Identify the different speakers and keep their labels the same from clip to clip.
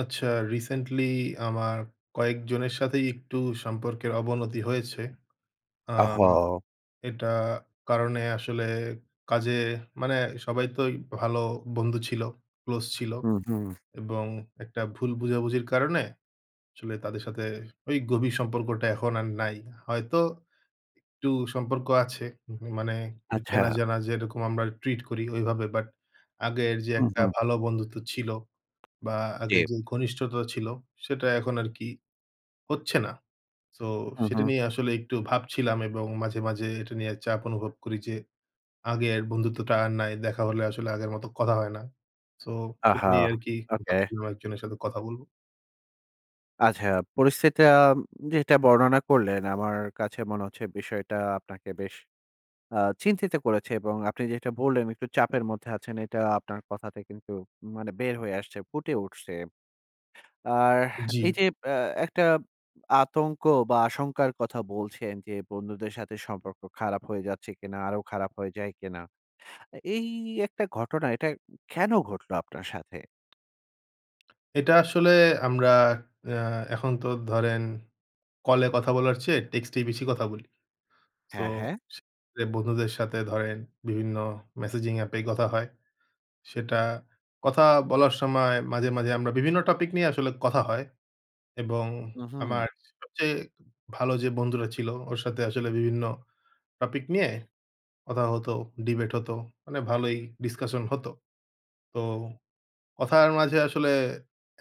Speaker 1: আচ্ছা রিসেন্টলি আমার কয়েকজনের সাথেই একটু সম্পর্কের অবনতি হয়েছে। আ
Speaker 2: ওহহো!
Speaker 1: এটা কারণে আসলে কাজে মানে সবাই তো ওই ভালো বন্ধু ছিল, ক্লোজ ছিল।
Speaker 2: হুম, হুম।
Speaker 1: এবং একটা ভুল বোঝাবুঝির কারণে আসলে তাদের সাথে ওই গভীর সম্পর্কটা এখন আর নাই। হয়তো একটু সম্পর্ক আছে। উম হু মানে একটু
Speaker 2: আচ্ছা।
Speaker 1: চেনা-জানা যেরকম আমরা ট্রিট করি ওইভাবে। বাট আগের যে
Speaker 2: হু,
Speaker 1: একটা
Speaker 2: হু।
Speaker 1: ভালো বন্ধুত্ব ছিল। বা আগে
Speaker 2: জি।
Speaker 1: যেই ঘনিষ্ঠতা ছিল, সেটা এখন আর কি হচ্ছে না। সো
Speaker 2: হু,
Speaker 1: সেটা
Speaker 2: হু।
Speaker 1: নিয়েই আসলে একটু ভাবছিলাম। এবং মাঝে, মাঝে এটা নিয়ে চাপ অনুভব করি যে আগের বন্ধুত্বটা আর নাই। দেখা হলে আসলে আগের মতো কথা হয় না। সো সেটা
Speaker 2: আহা!
Speaker 1: নিয়েই আরকি
Speaker 2: ওকে।
Speaker 1: ভাবছিলাম একজনের সাথে কথা বলবো।
Speaker 2: আচ্ছা। পরিস্থিতিটা উম যেটা বর্ণনা করলেন, আমার কাছে মনে হচ্ছে বিষয়টা আপনাকে বেশ আ চিন্তিত করেছে। এবং আপনি যেটা বললেন একটু চাপের মধ্যে আছেন, এটা আপনার কথাতে কিন্তু মানে বের হয়ে আসছে, ফুটে উঠছে। আর
Speaker 1: জি।
Speaker 2: এই যে এ একটা আতঙ্ক বা আশঙ্কার কথা বলছেন যে, "বন্ধুদের সাথে সম্পর্ক খারাপ হয়ে যাচ্ছে কিনা? আরো খারাপ হয়ে যায় কিনা?" আ এই একটা ঘটনা, এটা কেন ঘটল আপনার সাথে?
Speaker 1: এটা আসলে আমরা অ্যা এখন তো ধরেন, কলে কথা বলার চেয়ে টেক্সট এই বেশি কথা বলি। সো
Speaker 2: হ্যাঁ, হ্যাঁ।
Speaker 1: সে বে বন্ধুদের সাথে ধরেন বিভিন্ন messaging app এই কথা হয়। সেটা কথা বলার সময় মাঝে, মাঝে আমরা বিভিন্ন টপিক নিয়ে আসলে কথা হয় এবং
Speaker 2: উ-হুম।
Speaker 1: আমার সবচেয়ে ভালো যে বন্ধুরা ছিল, ওর সাথে আসলে বিভিন্ন টপিক নিয়ে কথা হত, ডিবেট হত মানে ভালই ডিসকাশন হত। তো কথার মাঝে আসলে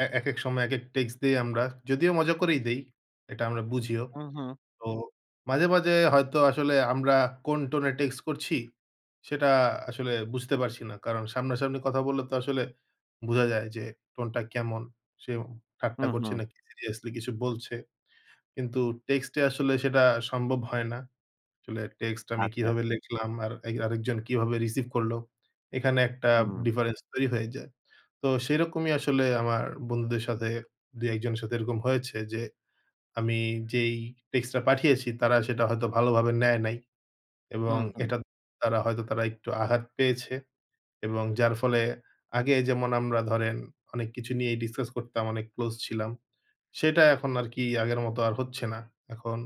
Speaker 1: এ একেক সময় একেক টেক্সট দেই আমরা, যদিও মজা করেই দেই এটা আমরা বুঝিও।
Speaker 2: হু, হু।
Speaker 1: তো মাঝে, মাঝে হয়তো আসলে আমরা কোন টোন এ টেক্সট করছি, সেটা আসলে বুঝতে পারছি না। কারণ সামনাসামনি কথা বললে তো আসলে বুঝা যায় যে টোন টা কেমন, সে ওম
Speaker 2: হু,
Speaker 1: ঠাট্টা করছে
Speaker 2: হু।
Speaker 1: না সিরিয়াসলি কিছু বলছে। কিন্তু টেক্সট এ আসলে সেটা সম্ভব হয় না। আসলে টেক্সট আমি
Speaker 2: আচ্ছা।
Speaker 1: কিভাবে লেখলাম আর এই আরেকজন কিভাবে রিসিভ করলো, এখানে একটা
Speaker 2: হুম।
Speaker 1: difference তৈরি হয়ে যায়। তো সেরকমই আসলে আমার বন্ধুদের সাথে ২-১ জনের সাথে এরকম হয়েছে। যে আমি যেই টেক্সট টা পাঠিয়েছি তারা সেটা হয়তো ভালোভাবে নেয় নাই এবং
Speaker 2: হুম, হুম।
Speaker 1: এটা তারা হয়তো তারা একটু আঘাত পেয়েছে এবং যার ফলে আগে যেমন আমরা ধরেন অনেক কিছু নিয়েই ডিসকাস করতাম, অনেক ক্লোজ ছিলাম। সেটা এখন আর কি আগের মতো আর হচ্ছে না। এখন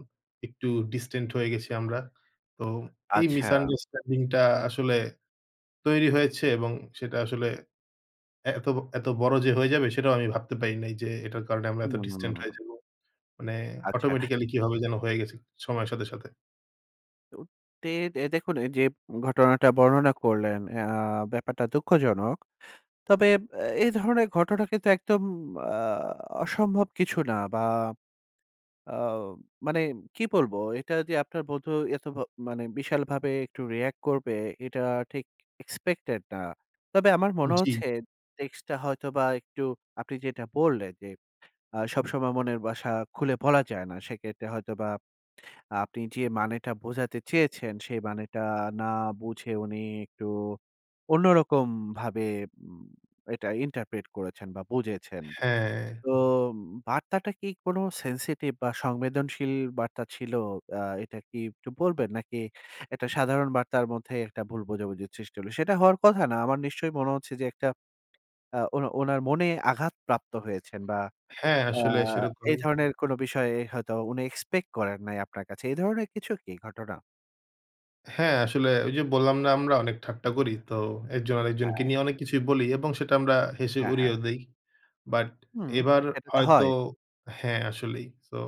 Speaker 1: একটু distant হয়ে গেছি আমরা। তো এই
Speaker 2: আচ্ছা।
Speaker 1: misunderstanding টা আসলে তৈরি হয়েছে এবং সেটা আসলে এত এত বড় যে হয়ে যাবে, সেটাও আমি ভাবতে পারি নাই যে এটার কারণে আমরা এত distant হয়ে
Speaker 2: উম।
Speaker 1: যাবো। মানে
Speaker 2: আচ্ছা।
Speaker 1: automatically কিভাবে যেন হয়ে গেছে সময়ের সাথে, সাথে।
Speaker 2: উ তে দে দেখুন ঐ যে উম ঘটনাটা বর্ণনা করলেন, আ ব্যাপারটা দুঃখজনক। তবে অ্যা এ ধরনের ঘটনা কিন্তু একদম আ অসম্ভব কিছু না বা আ মানে কি বলবো? এটা যে আপনার বন্ধু এত ভা মানে বিশালভাবে একটু রিঅ্যাক্ট করবে, এটা ঠিক expected না। তবে আমার মনে
Speaker 1: জ্বী।
Speaker 2: হচ্ছে, টেক্সট টা হয়তোবা একটু আপনি যেটা বললেন যে, "আ সবসময় মনের বাসা খুলে বলা যায় না।" সেক্ষেত্রে, হয়তোবা আপনি যে মানেটা বোঝাতে চেয়েছেন, সেই মানেটা না বুঝে, উনি একটু অন্যরকম ভাবে উম এটা interpret করেছেন বা বুঝেছেন।
Speaker 1: হ্যাঁ।
Speaker 2: তো উম বার্তাটা কি কোন sensitive বা সংবেদনশীল বার্তা ছিল? আ এটা কি একটু বলবেন? নাকি এটা সাধারণ বার্তার মধ্যে, একটা ভুল বোঝাবুঝির সৃষ্টি হল, সেটা হওয়ার কথা না। আমার নিশ্চয়ই মনে হচ্ছে যে একটা [unintelligible] আ ও ওনার মনে আঘাত প্রাপ্ত হয়েছেন বা
Speaker 1: হ্যাঁ,
Speaker 2: আ
Speaker 1: আসলে
Speaker 2: এ
Speaker 1: সেরকমই।
Speaker 2: ধরনের কোনো বিষয় হয়তো উনি এক্সপেক্ট করেন নাই আপনার কাছে। এ ধরনের কিছু কি ঘটনা?
Speaker 1: হ্যাঁ আসলে ঐ যে বললাম না? আমরা অনেক ঠাট্টা করি। তো একজন আরেকজনকে
Speaker 2: হ্যাঁ।
Speaker 1: নিয়ে অনেক কিছুই বলি এবং সেটা আমরা হেসে
Speaker 2: হ্যাঁ, হ্যাঁ।
Speaker 1: উড়িয়েও দেই। বাট
Speaker 2: হুম।
Speaker 1: এবার
Speaker 2: এটা তো
Speaker 1: হয়তো
Speaker 2: হয়।
Speaker 1: হ্যাঁ, আসলেই। So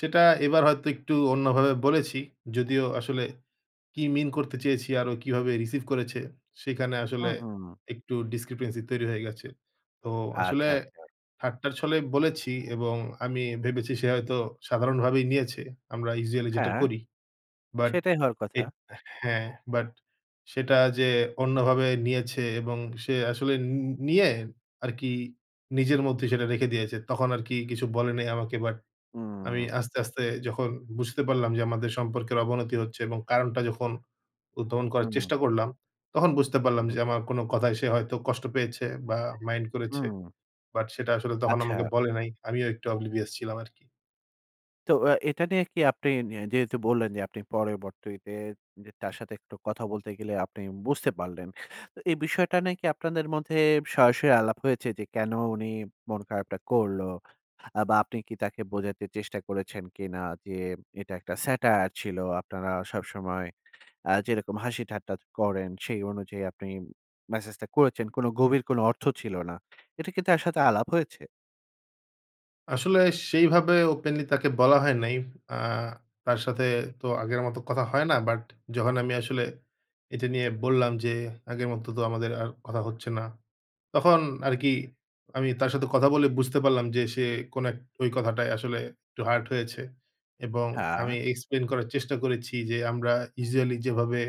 Speaker 1: সেটা এবার হয়তো একটু অন্যভাবে বলেছি। যদিও আসলে কি mean করতে চেয়েছি, আর ও কিভাবে receive করেছে, সেখানে
Speaker 2: হু,
Speaker 1: আসলে
Speaker 2: হু।
Speaker 1: একটু discrepancy তৈরি হয়ে গেছে। তো আসলে
Speaker 2: আচ্ছা, আচ্ছা।
Speaker 1: ঠাট্টার ছলে বলেছি এবং আমি ভেবেছি সে হয়তো সাধারণভাবেই নিয়েছে। আমরা usually যেটা
Speaker 2: হ্যাঁ।
Speaker 1: করি। বাট
Speaker 2: সেটাই হওয়ার
Speaker 1: এ
Speaker 2: কথা।
Speaker 1: হ্যাঁ বাট, সেটা যে অন্যভাবে নিয়েছে এবং সে আসলে উনউ উ নিয়ে আরকি নিজের মধ্যেই সেটা রেখে দিয়েছে। তখন আরকি কিছু বলেনি আমাকে বাট, আমি
Speaker 2: হুম।
Speaker 1: আস্তে, আস্তে যখন বুঝতে পারলাম যে আমাদের সম্পর্কের অবনতি হচ্ছে এবং কারণটা যখন উদ্ভাবন করার
Speaker 2: হুম।
Speaker 1: চেষ্টা করলাম, তখন বুঝতে
Speaker 2: হু,
Speaker 1: পারলাম
Speaker 2: হু।
Speaker 1: যে আমার কোন কথায় সে হয়তো কষ্ট পেয়েছে বা মাইন্ড করেছে।
Speaker 2: হুম।
Speaker 1: বাট সেটা আসলে তখন
Speaker 2: আচ্ছা।
Speaker 1: আমাকে বলে নাই। আমিও একটু oblivious ছিলাম আরকি।
Speaker 2: তো আ এটা নিয়ে কি আপনি নি যেহেতু বললেন যে আপনি পরবর্তিতে যে তার সাথে একটু কথা বলতে গেলে আপনি বুঝতে পারলেন। তো এই বিষয়টা নাকি আপনাদের মধ্যে সরাসরি আলাপ হয়েছে যে, কেন উনি মন খারাপটা করলো? আ বা আপনি কি তাকে বোঝাতে চেষ্টা করেছেন কিনা যে, এটা একটা satire ছিল। আপনারা সবসময় আ যেরকম হাসি ঠাট্টা চ করেন সেই অনুযায়ী আপনি মেসেজটা করেছেন, কোন গভীর কোন অর্থ ছিল না। এটা কি তার সাথে আলাপ হয়েছে?
Speaker 1: আসলে সেইভাবে ওপেনলি তাকে বলা হয় নাই। আ তার সাথে তো আগের মত কথা হয় না। বাট যখন আমি আসলে এটা নিয়ে বললাম যে আগের মত তো আমাদের আর কথা হচ্ছে না। তখন আরকি আমি তার সাথে কথা বলে বুঝতে পারলাম যে সে কোন এক ওই কথাটায় আসলে একটু hurt হয়েছে। এবং
Speaker 2: হ্যাঁ।
Speaker 1: আমি explain করার চেষ্টা করেছি যে "আমরা usually যেভাবে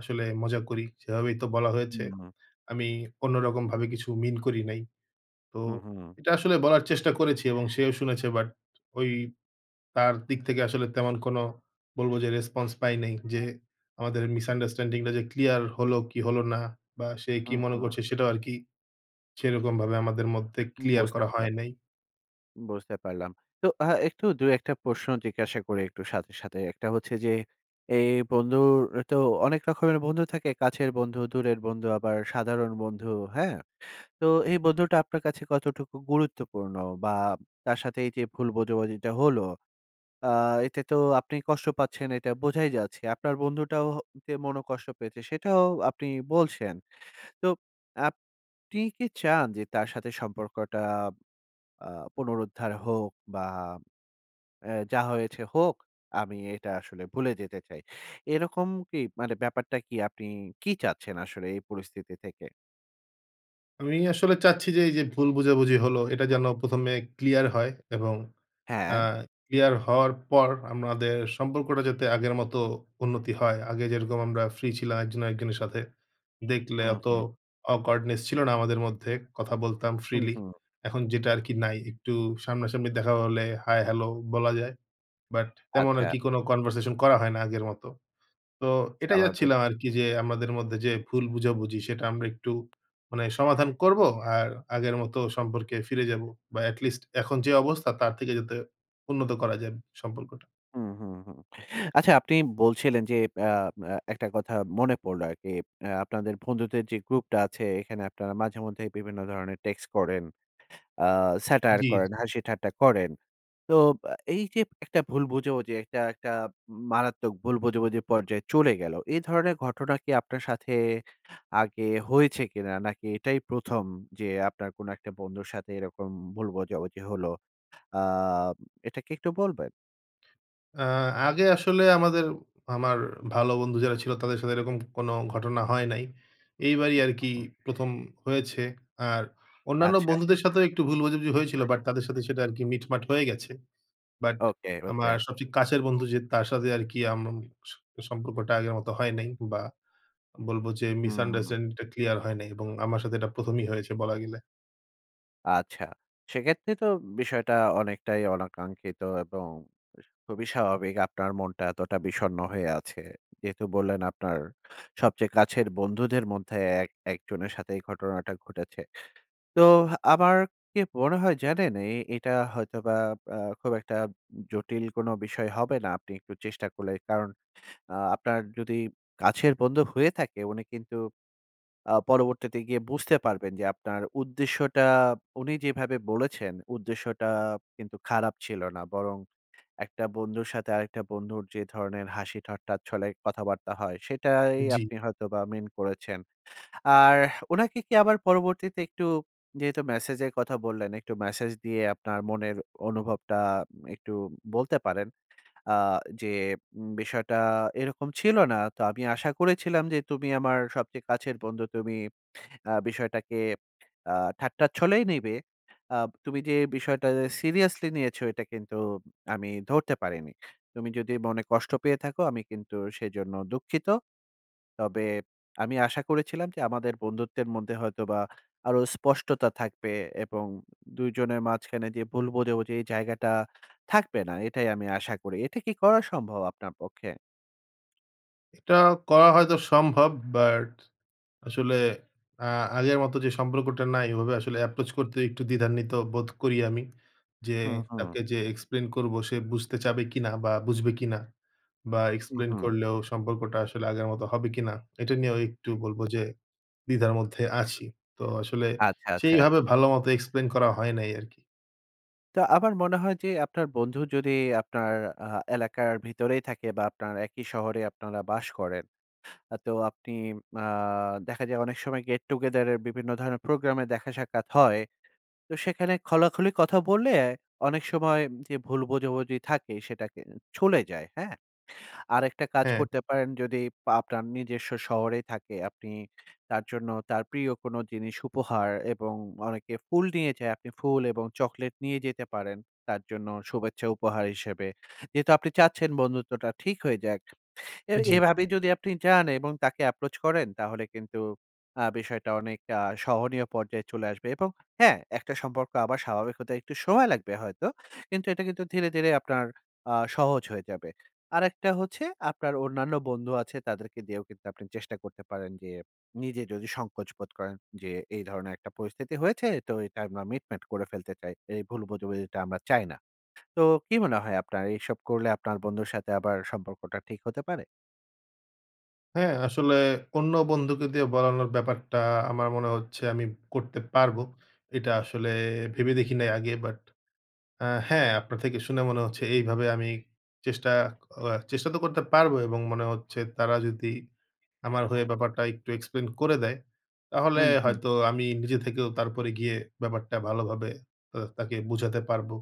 Speaker 1: আসলে মজা করি সেভাবেই তো বলা হয়েছে।
Speaker 2: হুম।
Speaker 1: আমি অন্য রকম ভাবে কিছু মিন করি নাই।" তো
Speaker 2: হু, হু।
Speaker 1: এটা আসলে বলার চেষ্টা করেছি এবং সেও শুনেছে। বাট ওই তার দিক থেকে আসলে তেমন কোন বলব যে রেসপন্স পাই নাই। যে আমাদের misunderstanding টা যে ক্লিয়ার হলো কি হলো না? বা সে
Speaker 2: হু,
Speaker 1: কি মনে
Speaker 2: হু।
Speaker 1: করছে? সেটাও আরকি সেরকম ভাবে আমাদের মধ্যে
Speaker 2: উম
Speaker 1: ক্লিয়ার
Speaker 2: বুঝতে
Speaker 1: করা
Speaker 2: পারলাম।
Speaker 1: হয় নাই।
Speaker 2: বুঝতে পারলাম। তো আ একটু ২-১ টা প্রশ্ন জিজ্ঞাসা করি একটু সাথে, সাথে। একটা হচ্ছে যে এ বন্ধুর তো অনেক রকমের বন্ধু থাকে। কাছের বন্ধু, দূরের বন্ধু আবার সাধারণ বন্ধু, হ্যাঁ? তো এই বন্ধুটা আপনার কাছে কতটুকু গুরুত্বপূর্ণ? বা তার সাথে এই যে ভুল বোঝাবুঝিটা হলো, আ এতে তো আপনি কষ্ট পাচ্ছেন এটা বোঝাই যাচ্ছে। আপনার বন্ধুটাও হ যে মনোকষ্ট পেয়েছে সেটাও আপনি বলছেন। তো আপনি কি চান যে তার সাথে সম্পর্কটা আ পুনরুদ্ধার হোক? বা অ্যা যা হয়েছে হোক, আমি এটা আসলে ভুলে যেতে চাই। এরকম কি? মানে ব্যাপারটা কি আপনি কি চাচ্ছেন আসলে এই পরিস্থিতি থেকে?
Speaker 1: আমি আসলে চাচ্ছি যে এই যে ভুল বুঝাবুঝি হলো, এটা যেন প্রথমে ক্লিয়ার হয়। এবং অ্যা
Speaker 2: হ্যাঁ।
Speaker 1: ক্লিয়ার হওয়ার পর আমরাদের সম্পর্কটা যাতে আগের মত উন্নতি হয়। আগে যেরকম আমরা ফ্রি ছিলাম, একজন আর একজনের সাথে। দেখলে
Speaker 2: হুম,
Speaker 1: অত
Speaker 2: হুম।
Speaker 1: awkwardness ছিল না আমাদের মধ্যে। কথা বলতাম
Speaker 2: হুম,
Speaker 1: freely
Speaker 2: হুম।
Speaker 1: এখন যেটা আরকি নাই। একটু সামনা-সামনি দেখা হলে হাই-হ্যালো বলা যায়। বাট, তেমন আর
Speaker 2: আচ্ছা।
Speaker 1: কি কোন conversation করা হয় না আগের মতো। তো এটাই
Speaker 2: স্বাভাবিক।
Speaker 1: চাচ্ছিলাম আরকি যে আমাদের মধ্যে যে ভুল বোঝাবুঝি, সেটা আমরা একটু মানে সমাধান করব। আর আগের মতো সম্পর্কে ফিরে যাব বা এটলিস্ট এখন যে অবস্থা, তার থেকে যাতে উন্নত করা যায় ব সম্পর্কটা।
Speaker 2: হুম, হুম, হুম। আচ্ছা আপনি বলছিলেন যে আ আ একটা কথা মনে পড়লো আরকি। আ আপনাদের বন্ধুদের যে গ্রুপটা আছে, এইখানে আপনারা মাঝেমধ্যেই বিভিন্ন ধরনের টেক্সট করেন, আ satire
Speaker 1: জি,
Speaker 2: করেন,
Speaker 1: জি।
Speaker 2: হাসি-ঠাট্টা করেন। তো অ্যা এই যে একটা ভুল বোঝাবুঝি, একটা একটা উম মারাত্মক ভুল বোঝাবুঝি পর্যায়ে চলে গেল। এ ধরনের ঘটনা কি আপনার সাথে আগে হয়েছে কিনা? নাকি এটাই প্রথম? যে আপনার কোন একটা বন্ধুর সাথে এরকম ভুল বুঝাবুঝি হলো? আ এটা কি একটু বলবেন?
Speaker 1: আ আগে আসলে আমাদের আমার ভালো বন্ধু যারা ছিল, তাদের সাথে এরকম কোন ঘটনা হয় নাই। এইবারই
Speaker 2: হু,
Speaker 1: আরকি
Speaker 2: হু।
Speaker 1: ১ম হয়েছে। আর অন্যান্য
Speaker 2: আচ্ছা।
Speaker 1: বন্ধুদের সাথেও একটু ভুল বোঝাবুঝি হয়েছিল, বাট তাদের সাথে সেটা আরকি মিটমাট হয়ে গেছে। But
Speaker 2: okay, okay.
Speaker 1: আমার সবচেয়ে কাছের বন্ধু যে, তার সাথে আরকি আম আম স সম্পর্কটা আগের মত হয় নাই। বা বলব যে
Speaker 2: হুম।
Speaker 1: misunderstanding টা ক্লিয়ার হয় নাই। এবং আমার সাথে এটা প্রথমই হয়েছে বলা গেলে।
Speaker 2: আচ্ছা। সেক্ষেত্রে তো বিষয়টা অনেকটাই অনাকাঙ্ক্ষিত এবং এ খুবই স্বাভাবিক। আপনার মনটা এতটা বিষন্ন হয়ে আছে। যেহেতু বললেন আপনার সবচেয়ে কাছের বন্ধুদের মধ্যে এক একজনের সাথে এই ঘটনাটা ঘটেছে। তো আমার কি মনে হয় জানেন? এ এটা হয়তোবা আ খুব একটা উম জটিল কোন বিষয় হবে না আপনি একটু চেষ্টা করলে। কারণ আ আপনার যদি কাছের বন্ধু হয়ে থাকে, উনি কিন্তু আ পরবর্তীতে গিয়ে বুঝতে পারবেন যে আপনার উদ্দেশ্যটা, উনি যেভাবে বলেছেন, উদ্দেশ্যটা কিন্তু খারাপ ছিল না। বরং একটা বন্ধুর সাথে আরেকটা বন্ধুর যে ধরনের হাসি-ঠাট্টার ছলে কথাবার্তা হয়, সেটাই
Speaker 1: জি।
Speaker 2: আপনি হয়তো বা মিন করেছেন। আর উনাকে কি আবার পরবর্তীতে একটু যেহেতু মেসেজের কথা বললেন একটু মেসেজ দিয়ে আপনার মনের অনুভবটা উম একটু বলতে পারেন। আ যে উম "বিষয়টা এরকম ছিল না। তো আমি আশা করেছিলাম যে তুমি আমার সবচেয়ে কাছের বন্ধু। তুমি আ বিষয়টাকে আ ঠাট্টার ছলেই নিবে। আ তুমি যে বিষয়টা সিরিয়াসলি নিয়েছ এটা কিন্তু উম আমি ধরতে পারিনি। তুমি যদি মনে কষ্ট পেয়ে থাকো, আমি কিন্তু সেজন্য দুঃখিত। তবে আমি আশা করেছিলাম যে আমাদের বন্ধুত্বের মধ্যে হয়তোবা আরো স্পষ্টতা থাকবে। এবং উম ২ জনের মাঝখানে যে ভুল বোঝাবুঝি, এই জায়গাটা থাকবে না। এটাই আমি আশা করি।" এটা কি করা সম্ভব আপনার পক্ষে?
Speaker 1: এটা করা হয়তো সম্ভব। বাট আসলে আ আগের মতো যে সম্পর্কটা নাই। ওভাবে আসলে approach করতে একটু দ্বিধান্বিত বোধ করি আমি। যে
Speaker 2: হু, হু।
Speaker 1: তাকে যে explain করব, সে বুঝতে চাবে কিনা বা বুঝবে কিনা? বা
Speaker 2: হু,
Speaker 1: explain
Speaker 2: হু।
Speaker 1: করলেও সম্পর্কটা আসলে আগের মত হবে কিনা? এটা নিয়েও একটু বলব যে দ্বিধার মধ্যে আছি। তো আসলে
Speaker 2: আচ্ছা, আচ্ছা।
Speaker 1: সেইভাবে ভালো মত explain করা হয় নাই আরকি।
Speaker 2: তো আমার মনে হয় যে আপনার বন্ধু যদি আপনার আ এলাকার ভিতরেই থাকে বা আপনার একই শহরে আপনারা বাস করেন। আ তো আপনি আ দেখা যায় অনেক সময় get together এর বিভিন্ন ধরনের প্রোগ্রামে দেখা সাক্ষাৎ হয়। তো সেখানে খোলাখুলি কথা বললে, অনেক সময় এ ভুল বোঝাবুঝি থাকে সেটাকে ছলে যায়, হ্যাঁ? আরেকটা কাজ
Speaker 1: হ্যাঁ।
Speaker 2: করতে পারেন যদি আপনার নিজস্ব শহরেই থাকে, আপনি তার জন্য তার প্রিয় কোন জিনিস উপহার এবং অনেকে ফুল নিয়ে যায়। আপনি ফুল এবং চকলেট নিয়ে যেতে পারেন। তার জন্য শুভেচ্ছা উপহার হিসেবে। যেহেতু আপনি চাচ্ছেন বন্ধুত্বটা ঠিক হয়ে যাক। এ
Speaker 1: জি।
Speaker 2: এভাবেই যদি আপনি চান এবং তাকে approach করেন তাহলে কিন্তু আ বিষয়টা অনেকটা সহনীয় পর্যায়ে চলে আসবে। এবং হ্যাঁ, একটা সম্পর্ক আবার স্বাভাবিক হতে একটু সময় লাগবে হয়তো। কিন্তু এটা কিন্তু ধীরে, ধীরে আপনার আ সহজ হয়ে যাবে। আরেকটা হচ্ছে আপনার অন্যান্য বন্ধু আছে তাদেরকে দিয়েও কিন্তু আপনি চেষ্টা করতে পারেন। যে নিজে যদি সংকোচ বোধ করেন। যে, "এই ধরনের একটা পরিস্থিতি হয়েছে তো এটা আমরা মিটমাট করে ফেলতে চাই। এই ভুল বোঝাবুঝিটা আমরা চাই না।" তো কি মনে হয় আপনার? এইসব করলে আপনার বন্ধুর সাথে সম্পর্কটা ঠিক হতে পারে?
Speaker 1: হ্যাঁ, আসলে অন্য বন্ধুকে দিয়ে বলানোর ব্যাপারটা আমার মনে হচ্ছে আমি ব করতে পারবো। এটা আসলে ভেবে দেখি নাই আগে। বাট আ হ্যাঁ আপনার থেকে শুনে মনে হচ্ছে এইভাবে আমি চেষ্টা আ চেষ্টা তো করতে পারবো। এবং মনে হচ্ছে তারা যদি আমার হয়ে ব্যাপারটা একটু explain করে দেয়। তাহলে
Speaker 2: হুম, হুম।
Speaker 1: হয়তো আমি নিজে থেকেও তারপরে গিয়ে ব্যাপারটা ভালোভাবে আ তাকে বুঝাতে পারবো।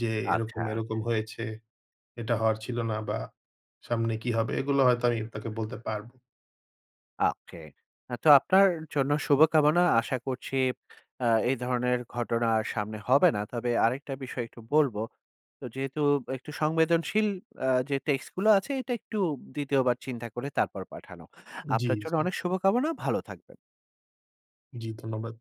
Speaker 1: যে এরকম,
Speaker 2: আচ্ছা।
Speaker 1: এরকম হয়েছে। এটা হওয়ার ছিল না বা সামনে কি হবে? এগুলো হয়তো আমি আপনাকে বলতে পারব।
Speaker 2: ওকে। আ তো আপনার জন্য শুভকামনা। আশা করছি আ এই ধরনের ঘটনা সামনে হবে না। তবে আরেকটা বিষয় একটু বলব। তো যেহেতু একটু সংবেদনশীল অ্যা যে টেক্সট গুলো আছে এটা একটু দ্বিতীয়বার চিন্তা করে তারপর পাঠানো।
Speaker 1: জি,
Speaker 2: আপনার জন্য
Speaker 1: জি।
Speaker 2: অনেক শুভকামনা। ভালো থাকবেন।
Speaker 1: জি, ধন্যবাদ।